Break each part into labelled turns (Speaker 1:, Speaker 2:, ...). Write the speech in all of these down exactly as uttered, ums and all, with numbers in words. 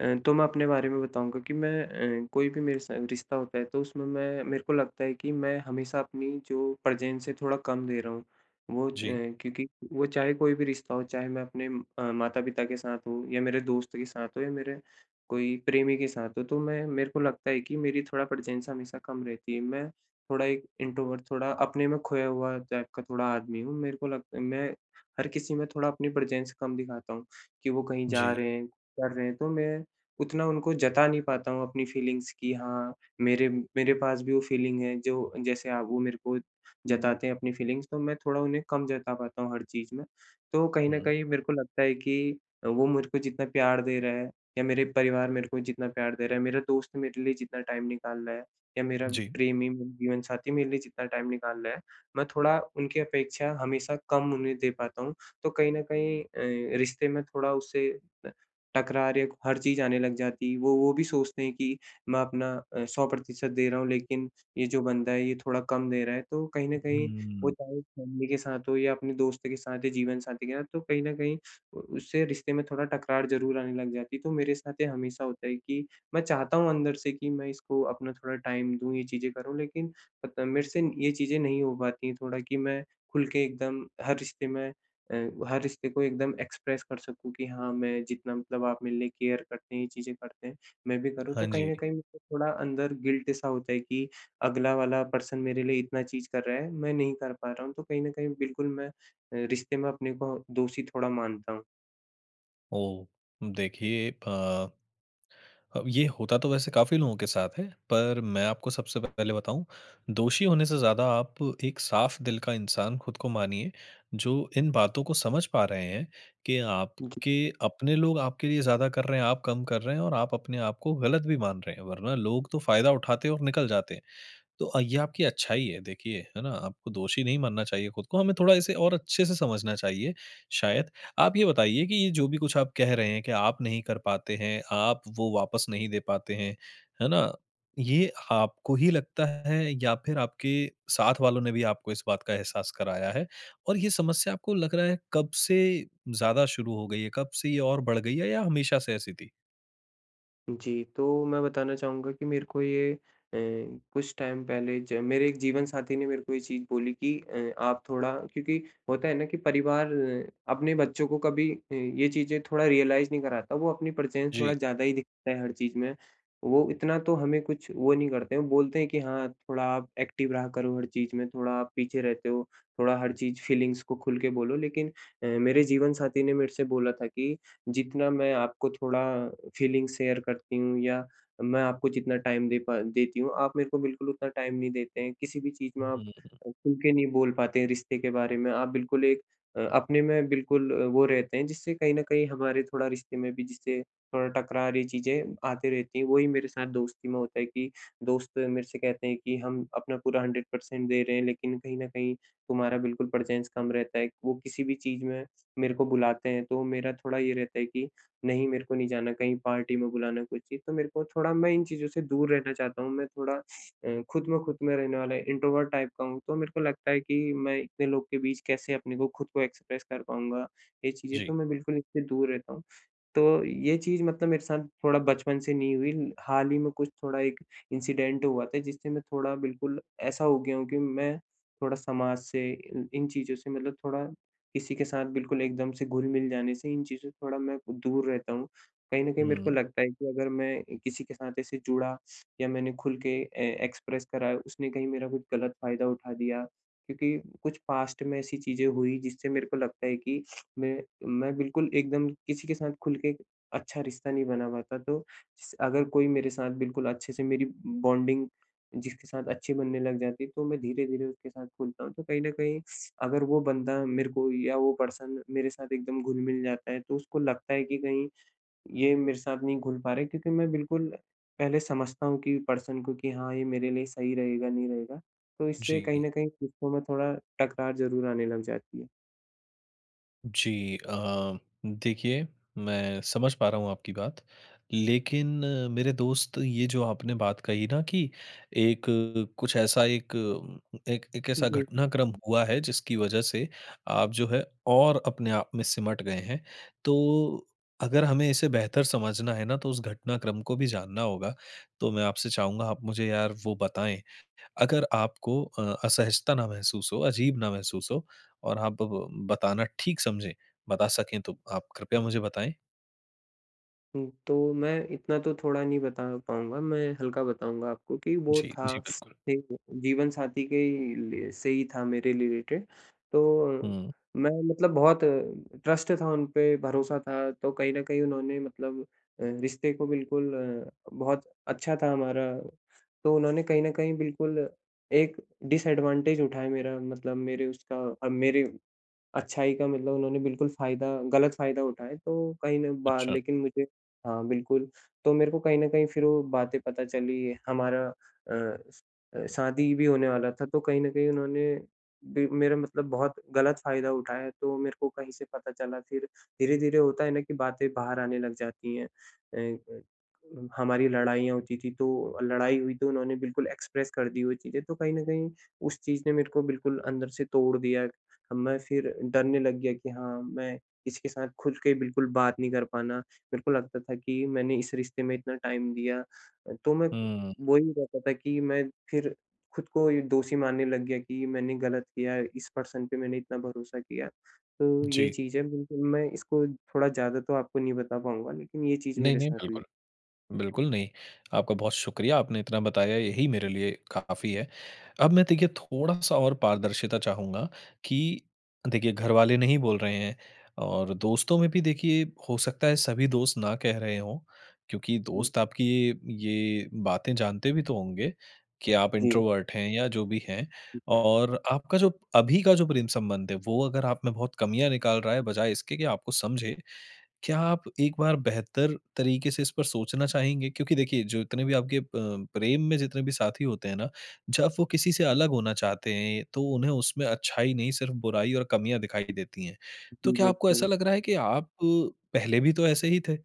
Speaker 1: अ, तो मैं अपने बारे में बताऊँगा कि मैं अ, कोई भी मेरे साथ रिश्ता होता है तो उसमें मैं मेरे को लगता है कि मैं हमेशा अपनी जो प्रेज़ेंस है थोड़ा कम दे रहा हूँ, वो अ,
Speaker 2: जी।
Speaker 1: क्योंकि वो चाहे कोई भी रिश्ता हो, चाहे मैं अपने अ, माता-पिता के साथ हो या मेरे दोस्त के साथ हो या मेरे कोई प्रेमी के साथ हो तो मैं मेरे को लगता है कि मेरी थोड़ा प्रेज़ेंस हमेशा कम रहती है मैं थोड़ा एक इंट्रोवर्ट थोड़ा अपने में खोया हुआ टाइप का थोड़ा आदमी हूँ। मेरे को लगत मैं हर किसी में थोड़ा अपनी प्रेज़ेंस कम दिखाता हूँ, कि वो कहीं जा
Speaker 2: जी।
Speaker 1: रहे हैं, कर रहे हैं तो मैं उतना उनको जता नहीं पाता हूँ अपनी फ़ीलिंग्स की हाँ, मेरे मेरे पास भी वो फ़ीलिंग है जो जैसे आप वो मेरे को जताते हैं अपनी फ़ीलिंग्स तो मैं थोड़ा उन्हें कम जता पाता हूँ हर चीज़ में। तो कहीं न
Speaker 2: हुँ।
Speaker 1: कहीं मेरे को लगता है कि अ, वो मुझ को जितना प्यार दे रहा है, या मेरे परिवार मेरे को जितना प्यार दे रहा है, मेरा दोस्त मेरे लिए जितना टाइम निकाल रहा है, या मेरा
Speaker 2: जी।
Speaker 1: प्रेमी मेरा जीवन-साथी मेरे लिए जितना टाइम निकाल ला है। मैं थोड़ा, उनकी अपेक्षा हमेशा कम उन्हें दे पाता हूँ, तो कहीं न कहीं अ, रिश्ते में थोड़ा उससे अ, तकरार या को हर चीज़ आने लग जाती है वो वो भी सोचते हैं कि मैं अपना अ, सौ प्रतिशत दे रहा हूँ लेकिन, ये जो बंदा है ये थोड़ा कम दे रहा है तो कहीं न कहीं वो
Speaker 2: हुँ।
Speaker 1: चाहे फ़ैमिली के साथ हो या अपने दोस्त के साथ या जीवन-साथी के साथ, तो कहीं न कहीं अ, उससे रिश्ते में थोड़ा तकरार ज़रूर आने लग जाती है तो मेरे साथ ये हमेशा होता है कि मैं चाहता हूँ अंदर से कि मैं इसको अपना थोड़ा टाइम दूँ ये चीज़ें करूँ लेकिन, अ, त मेरे से न ये चीज़ें नहीं हो पाती है थोड़ा कि मैं खुल के एकदम हर रिश्ते में अ, हर रिश्ते को एकदम एक्सप्रेस कर सकूँ कि हाँ, मैं जितना मतलब आप मेरे लिए केयर करते हैं ये चीज़ें करते हैं, मैं भी करूँ
Speaker 2: हाँ,
Speaker 1: तो कहीं न
Speaker 2: जी।
Speaker 1: कहीं मुझे थोड़ा अंदर गिल्ट सा होता है कि अगला वाला पर्सन मेरे लिए इतना चीज़ कर रहा है, मैं नहीं कर पा रहा हूँ तो कहीं न कहीं बिल्कुल मैं अ, रिश्ते में अपने को दोषी थोड़ा मानता हूँ।
Speaker 2: ओह! देखिए अ अब ये होता तो वैसे काफ़ी लोगों के साथ है। पर मैं आपको सबसे पहले बताऊँ, दोषी होने से ज़्यादा आप एक साफ़ दिल का इंसान खुद को मानिए, जो इन बातों को समझ पा रहे हैं, कि आपके
Speaker 1: जी।
Speaker 2: अपने लोग आपके लिए ज़्यादा कर रहे हैं, आप कम कर रहे हैं और आप अपने आपको गलत भी मान रहे हैं वरना लोग तो फायदा उठाते हैं और निकल जाते। तो ये आपकी अच्छाई है देखिए, है न? आपको दोषी नहीं मानना चाहिए खुद को हमें थोड़ा इसे और अच्छे से समझना चाहिए शायद। आप ये बताइए कि ये जो भी कुछ आप कह रहे हैं, कि आप नहीं कर पाते हैं, आप वो वापस नहीं दे पाते हैं। है न? ये आपको ही लगता है या फिर आपके साथ वालों ने भी आपको इस बात का एहसास कराया है? और ये समस्या आपको लग रहा है कब से ज़्यादा शुरू हो गई है? कब से ये और बढ़ गई है या हमेशा से ऐसी थी?
Speaker 1: जी, तो मैं बताना चाहूँगा कि मेरे को ये अ, कुछ टाइम पहले ज मेरे एक जीवन साथी ने मेरे को ये चीज़ बोली कि अ आप थोड़ा क्योंकि होता है न कि परिवार अपने बच्चों को कभी अ, ये चीज़ें थोड़ा रियलाइज नहीं कराता। वो अपनी प्रेजेंस थोड़ा
Speaker 2: जी।
Speaker 1: ज़्यादा ही दिखता है हर चीज़ में। वो इतना तो हमें कुछ वो नहीं करते, वो बोलते हैं कि हाँ थोड़ा आप एक्टिव रहा करो हर चीज़ में थोड़ा आप पीछे रहते हो, थोड़ा हर चीज़ फीलिंग्स को खूल के बोलो लेकिन अ, मेरे जीवन साथी ने मेरे से बोला था कि जितना मैं आपको थोड़ा फीलिंग शेयर करती हूँ या मैं आपको जितना टाइम दे पा देती हूँ, आप मेरे को बिल्कुल उतना टाइम नहीं देते हैं। किसी भी चीज़ में आप
Speaker 2: हुँ।
Speaker 1: खूल के नहीं बोल पाते हैं रिश्ते के बारे में, आप बिल्कुल एक अ अपने में बिल्कुल वो रहते हैं जिससे कहीं न कहीं हमारे थोड़ा रिश्ते में भी जिससे थोड़ा टकरार ये चीज़ें आती रहती हैं। वही मेरे साथ दोस्ती में होता है कि दोस्त मेरे से कहते हैं कि हम अपना पूरा हंड्रेड पर्सेंट दे रहे हैं लेकिन कहीं न कहीं तुम्हारा बिल्कुल प्रेजेंस कम रहता है। वो किसी भी चीज़ में मेरे को बुलाते हैं तो मेरा थोड़ा ये रहता है कि, नहीं मेरे को नहीं जाना कहीं पार्टी में बुलाना कोई ची तो मेरे को थोड़ा मैं इन चीज़ों से दूर रहना चाहता हूँ। मैं थोड़ा अ, खुद में खुद में रहने वाला इंट्रोवर्ट टाइप का हूँ तो मेरे को लगता है कि मैं इतने लोग के बीच कैसे अपने को खुद को एक्सप्रेस कर पाऊँगा। ये चीज़ें, तो
Speaker 2: जी।
Speaker 1: मैं बिल्कुल इससे दूर रहता हूँ। तो, ये चीज़ मतलब मेरे साथ थोड़ा बचपन से नहीं हुई, हाल ही में कुछ थोड़ा एक इंसिडेंट हुआ था, जिससे मैं थोड़ा बिल्कुल ऐसा हो गया हूँ कि मैं थोड़ा समाज से इन इन चीज़ों से मतलब थोड़ा किसी के साथ बिल्कुल एकदम से घुल-मिल जाने से इन चीज़ों से थोड़ा मैं दूर रहता हूँ। कहीं न कहीं मेरे को
Speaker 2: हुँ।
Speaker 1: लगता है कि अगर मैं अ, किसी के साथ ऐसे जुड़ा या मैंने खुल के अ, एक्सप्रेस करा, उसने कही मेरा कुछ गलत फायदा उठा दिया। क्योंकि कुछ पास्ट में ऐसी चीज़ें हुई जिससे मेरे को लगता है कि मैं मैं बिल्कुल एकदम किसी के साथ खुल के अच्छा रिश्ता नहीं बना पाता। तो स अगर कोई मेरे साथ बिल्कुल अच्छे से मेरी बॉन्डिंग जिसके साथ अच्छी बनने लग जाती है, तो मैं धीरे-धीरे उसके साथ खुलता हूँ। तो कहीं न कहीं अगर वो बंदा मेरे को या वो पर्सन मेरे साथ एकदम घुल-मिल जाता है तो उसको लगता है कि कहीं, ये मेरे साथ नहीं घुल पा रहे क्योंकि मैं बिल्कुल पहले समझता हूँ कि पर्सन को, कि हाँ ये मेरे लिए सही रहेगा, नहीं रहेगा? तो इससे कहीं
Speaker 2: जी।
Speaker 1: न कहीं रिश्तों में थोड़ा टकरार ज़रूर आने लग जाती है।
Speaker 2: जी अ, देखिए, मैं समझ पा रहा हूँ आपकी बात। लेकिन मेरे दोस्त, ये जो आपने बात कही न कि एक कुछ ऐसा एक एक एक ऐसा
Speaker 1: जी।
Speaker 2: घटनाक्रम हुआ है जिसकी वजह से आप जो है और अपने आप में सिमट गए हैं। तो अगर हमें इसे बेहतर समझना है न तो उस घटनाक्रम को भी जानना होगा। तो मैं आपसे चाहूँगा आप मुझे यार वो बताएँ। अगर आपको अ, असहजता ना महसूस हो, अजीब ना महसूस हो और आप ब बताना ठीक समझें। बता सके तो आप कृपया मुझे बताएँ।
Speaker 1: हुँ, तो मैं इतना तो थोड़ा नहीं बता पाउँगा, मैं हल्का बताऊँगा आपको कि वो
Speaker 2: जी। जी,
Speaker 1: था
Speaker 2: बिल्कुल।
Speaker 1: जीवन साथी के ही लिए से ही था मेरे रिलेटेड तो
Speaker 2: हुँ।
Speaker 1: मैं मतलब बहुत ट्रस्ट था, उनपे भरोसा था तो कहीं न कहीं उन्होंने मतलब अ, रिश्ते को बिल्कुल अ, बहुत अच्छा था हमारा। तो उन्होंने कहीं न कहीं बिल्कुल एक डिसएडवांटेज उठाया मेरा मतलब मेरे उसका अ, मेरे अच्छाई का मतलब उन्होंने बिल्कुल फायदा गलत फायदा उठाया तो कहीं ना बा
Speaker 2: अच्छा।
Speaker 1: लेकिन मुझे हाँ, बिल्कुल तो मेरे को कहीं न कहीं फिर वो बातें पता चली हमारा अ अ, शादी भी होने वाला था, तो कहीं न कहीं उन्होंने भी मेरा मतलब बहुत गलत फायदा उठाया तो मेरे को कहीं से पता चला। फिर धीरे-धीरे होता है न कि बातें बाहर आने लग जाती हैं। अ अ, हमारी लड़ाईयाँ होती थीं, तो लड़ाई हुई तो उन्होंने बिल्कुल एक्सप्रेस कर दी वो चीज़ें तो कहीं न कहीं उस चीज़ ने मेरेको बिल्कुल अंदर से तोड़ दिया। मैं फिर डरने लग गया कि हाँ, मैं इसके साथ खुद के बिल्कुल बात नहीं कर पाना, मेरे को लगता था कि मैंने इस रिश्ते में इतना टाइम दिया। अ, तो मैं
Speaker 2: हुँ।
Speaker 1: वो ही रहता था कि मैं फिर खुद को ही दोषी मानने लग गया कि मैंने गलत किया इस पर्सन पे मैंने इतना भरोसा किया। तो ये
Speaker 2: जी
Speaker 1: चीज़ है, बिल्कुल मैं इसको थोड़ा ज़्यादा तो आपको नहीं बता पाउँगा लेकिन ये चीज़ मेरे
Speaker 2: नहीं-नहीं,
Speaker 1: साथ हुई।
Speaker 2: बिल्कुल। बिल्कुल, नहीं। आपका बहुत शुक्रिया, आपने इतना बताया यही मेरे लिए काफ़ी है। अब मैं देखिए थोड़ा-सा और पारदर्शिता चाहूँगा कि देखिए घरवाले नहीं बोल रहे हैं और दोस्तों में भी देखिए हो सकता है सभी दोस्त ना कह रहे हों। क्योंकि
Speaker 1: हुँ।
Speaker 2: दोस्त आपकी ये ये बातें जानते भी तो होंगे, कि आप
Speaker 1: जी।
Speaker 2: इंट्रोवर्ट हैं या जो भी हैं।
Speaker 1: हुँ।
Speaker 2: और आपका जो अभी का जो प्रेम संबंध है वो अगर आप में बहुत कमियाँ निकाल रहा है, बजाए इसके कि आपको समझे। क्या आप एक बार बेहतर तरीके से इस पर सोचना चाहेंगे? क्योंकि देखिए, जो इतने भी आपके अ, प्रेम में जितने भी साथी होते हैं न, जब वो किसी से अलग होना चाहते हैं, तो उन्हें उसमें अच्छाई नहीं, सिर्फ बुराई और कमियाँ दिखाई देती हैं। तो
Speaker 1: जी,
Speaker 2: क्या आपको ऐसा
Speaker 1: बिल्कुल।
Speaker 2: लग रहा है कि आप पहले भी तो ऐसे ही थे,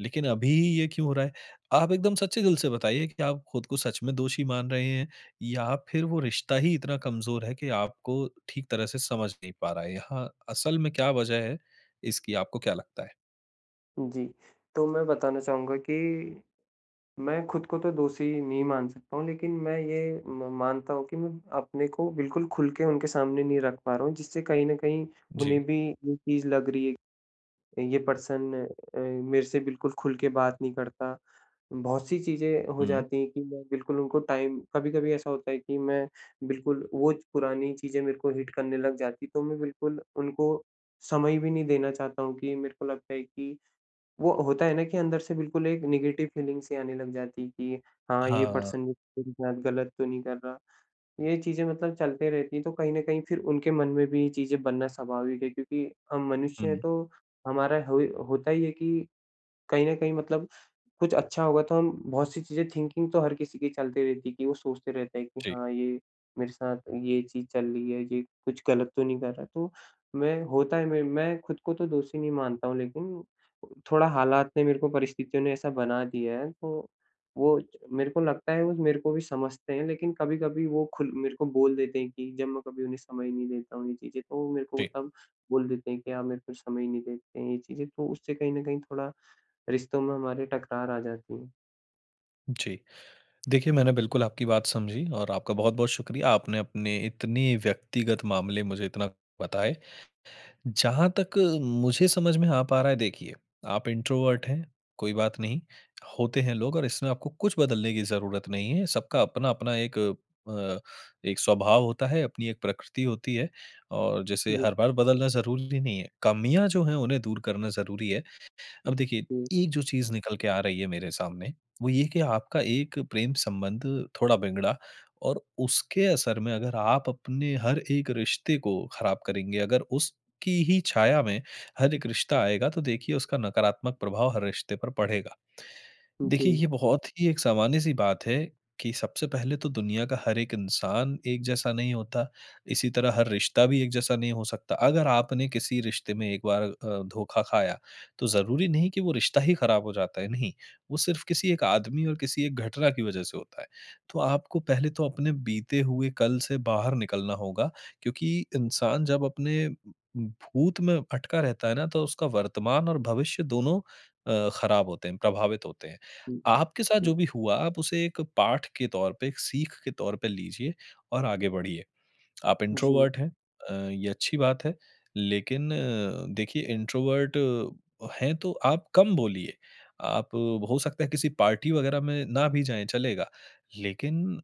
Speaker 2: लेकिन अभी ये क्यों हो रहा है? आप एकदम सच्चे दिल से बताइए कि आप खुद को सच में दोषी मान रहे हैं या फिर वो रिश्ता ही इतना कमज़ोर है, कि आपको ठीक तरह से समझ नहीं पा रहा है? यहाँ असल में क्या वजह है इसकी, आपको क्या लगता है?
Speaker 1: जी। तो मैं बताना चाहूँगा कि मैं ख़ुद को तो दोषी नहीं मान सकता हूँ। लेकिन मैं ये म मानता हूँ कि मैं अपने को बिल्कुल ख़ुल के उनके सामने नहीं रख पा रहा हूँ जिससे कहीं न कहीं उन्हें
Speaker 2: जी।
Speaker 1: भी ये चीज़ लग रही है ये पर्सन अ, मेरे से बिल्कुल ख़ुल के बात नहीं करता। बहुत-सी चीज़ें हो
Speaker 2: हुँ।
Speaker 1: जाती हैं कि मैं बिल्कुल उनको टाइम कभी-कभी ऐसा होता है कि मैं बिल्कुल वो पुरानी चीज़ें मेरे को हिट करने लग जाती। तो मैं बिल्कुल उनको समय भी नहीं देना चाहता हूँ कि मेरे को लगता है कि, वो होता है न कि अंदर से बिल्कुल एक नेगेटिव फ़ीलिंग सी आने लग जाती है कि हाँ ये
Speaker 2: हाँ।
Speaker 1: पर्सन मेरे साथ ग़लत तो नहीं कर रहा। ये चीज़े मतलब चलती रहती हैं। तो कहीं न कहीं फ़िर उनके मन में भी ये चीज़ें बनना स्वाभाविक है क्योंकि हम मनुष्य हैं
Speaker 2: हुँ।
Speaker 1: तो हमारा होई होता ही है कि, कहीं न कहीं मतलब कुछ अच्छा होगा तो हम बहुत सी चीज़े थिंकिंग तो हर किसी की चलती रहती है कि वो सोचते रहते हैं कि
Speaker 2: जी।
Speaker 1: हाँ, ये मेरे साथ ये चीज़ चल रही है, ये कुछ ग़लत तो नहीं कर रहा? तो मैं होता है मैं मैं ख़ुद को तो दोषी नहीं मानता हूँ लेकिन थोड़ा हालात ने मेरे को परिस्थितियों ने ऐसा बना दिया है। तो वो मेरे को लगता है वो मेरे को भी समझते हैं। लेकिन कभी-कभी वो ख़ुल मेरे को बोल देते हैं कि जब मैं कभी उन्हें समय नहीं देता हूँ ये चीज़े। तो वो मेरे को
Speaker 2: जी।
Speaker 1: तब बोल देते हैं कि आप मेरे को समय नहीं देते हैं, ये चीज़ें। तो उससे कहीं न कहीं थोड़ा, रिश्तों में हमारी टकरार आ जाती है।
Speaker 2: जी। देखिए मैंने बिल्कुल आपकी बात समझी और आपका बहुत-बहुत शुक्रिया, आपने अपने इतनी व्यक्तिगत मामले मुझे इतना बताए। जहाँ तक मुझे समझ में आ पा रहा है देखिए, आप इंट्रोवर्ट हैं, कोई बात नहीं। होते हैं लोग और इसमें आपको कुछ बदलने की ज़रूरत नहीं है। सबका अपना अपना एक अ, एक स्वभाव होता है, अपनी एक प्रकृति होती है और जैसे
Speaker 1: जी।
Speaker 2: हर बार बदलना ज़रूरी नहीं है। कमियाँ जो हैं उन्हें दूर करना ज़रूरी है। अब देखिए,
Speaker 1: हुँ।
Speaker 2: एक जो चीज़ निकल के आ रही है मेरे सामने, वो ये है कि आपका एक प्रेम संबंध थोड़ा बिगड़ा और उसके असर में अगर आप अपने हर एक रिश्ते को ख़राब करेंगे, अगर उसकी ही छाया में हर एक रिश्ता आएगा तो देखिए उसका नकारात्मक प्रभाव हर रिश्ते पर पड़ेगा। देखिए
Speaker 1: [unintelligible]
Speaker 2: ये बहुत ही एक सामान्य सी बात है कि सबसे पहले तो दुनिया का हर एक इंसान एक जैसा नहीं होता। इसी तरह हर रिश्ता भी एक जैसा नहीं हो सकता। अगर आपने किसी रिश्ते में एक बार अ, धोखा खाया तो ज़रूरी नहीं कि वो रिश्ता ही ख़राब हो जाता है, नहीं। वो सिर्फ किसी एक आदमी और किसी एक घटना की वजह से होता है। तो आपको पहले तो अपने बीते हुए कल से बाहर निकलना होगा क्योंकि इंसान जब अपने भूत में अटका रहता है ना तो उसका वर्तमान और भविष्य दोनों अ, ख़राब होते हैं, प्रभावित होते हैं।
Speaker 1: हुँ,
Speaker 2: आपके साथ
Speaker 1: हुँ। ई
Speaker 2: जो भी हुआ आप उसे एक पाठ के तौर पे, एक सीख के तौर पे लीजिए और आगे बढ़िए। आप
Speaker 1: जी।
Speaker 2: इंट्रोवर्ट हैं, अ, ये अच्छी बात है। लेकिन अ, देखिए इंट्रोवर्ट है तो आप कम बोलिए। आप हो सकता है किसी पार्टी वगैरह में ना भी जाएँ, चलेगा। लेकिन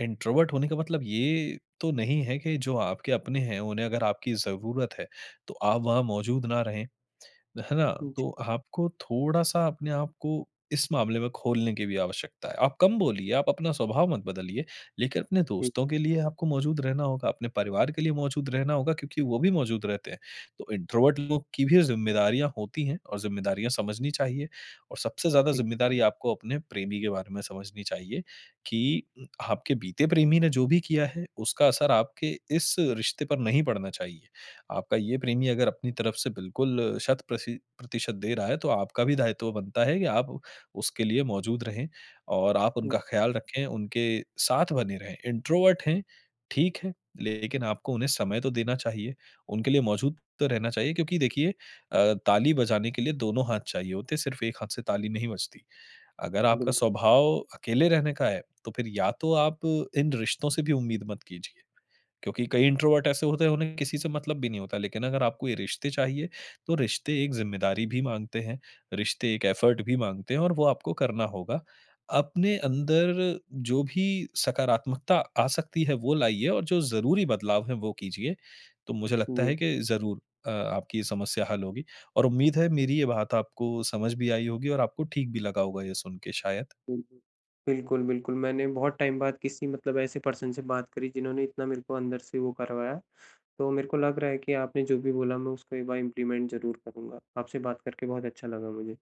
Speaker 2: इंट्रोवर्ट होने का मतलब ये तो नहीं है कि जो आपके अपने हैं उन्हें अगर आपकी ज़रूरत है तो आप वहाँ मौजूद ना रहें। है ना?
Speaker 1: जी।
Speaker 2: तो आपको थोड़ा सा अपने आपको इस मामले में खोलने की भी आवश्यकता है। आप कम बोलिए, आप अपना स्वभाव मत बदलिए लेकिन अपने
Speaker 1: ठीक।
Speaker 2: दोस्तों के लिए आपको मौजूद रहना होगा, अपने परिवार के लिए मौजूद रहना होगा क्योंकि वो भी मौजूद रहते हैं। तो इंट्रोवर्ट लोग की भी ज़िम्मेदारियाँ होती हैं और ज़िम्मेदारियाँ समझनी चाहिए। और सबसे ज़्यादा
Speaker 1: ठीक।
Speaker 2: ज़िम्मेदारी आपको अपने प्रेमी के बारे में समझनी चाहिए कि आपके बीते प्रेमी ने जो भी किया है उसका असर आपके इस रिश्ते पर नहीं पड़ना चाहिए। आपका ये प्रेमी अगर अपनी तरफ से बिल्कुल शत प्रशि प्रतिशत दे रहा है, तो आपका भी दायित्व बनता है कि आप उसके लिए मौजूद रहें और आप
Speaker 1: हुँ।
Speaker 2: उनका ख़याल रखें, उनके साथ बने रहें। इंट्रोवर्ट हैं, ठीक है, लेकिन आपको उन्हें समय तो देना चाहिए, उनके लिए मौजूद तो रहना चाहिए। क्योंकि देखिए अ, ताली बजाने के लिए दोनों हाथ चाहिए होते हैं। सिर्फ एक हाथ से ताली नहीं बजती। अगर आपका
Speaker 1: बिल्क
Speaker 2: स्वभाव अकेले रहने का है तो फिर या तो आप इन रिश्तों से भी उम्मीद मत कीजिए। क्योंकि कई इंट्रोवर्ट ऐसे होते हैं उन्हें किसी से मतलब भी नहीं होता। लेकिन अगर आपको ये रिश्ते चाहिए तो रिश्ते एक ज़िम्मेदारी भी माँगते हैं, रिश्ते एक एफोर्ट भी माँगते हैं और वो आपको करना होगा। अपने अंदर जो भी सकारात्मकता आ सकती है वो लाइए और जो ज़रूरी बदलाव है वो कीजिए। तो मुझे लगता है
Speaker 1: जी।
Speaker 2: कि ज़रूर अ, आपकी ये समस्या हल होगी और उम्मीद है मेरी ये बात आपको समझ भी आई होगी और आपको ठीक भी लगा होगा ये सुन के शायद।
Speaker 1: बिल्कुल। बिल्कुल, बिल्कुल। मैंने बहुत टाइम बाद किसी मतलब ऐसे पर्सन से बात करी जिन्होंने इतना मेरे को अंदर से वो करवाया। तो मेरे को लग रहा है कि आपने जो भी बोला मैं उसको एक बार इंप्लीमेंट ज़रूर करूँगा। आपसे बात करके बहुत अच्छा लगा मुझे।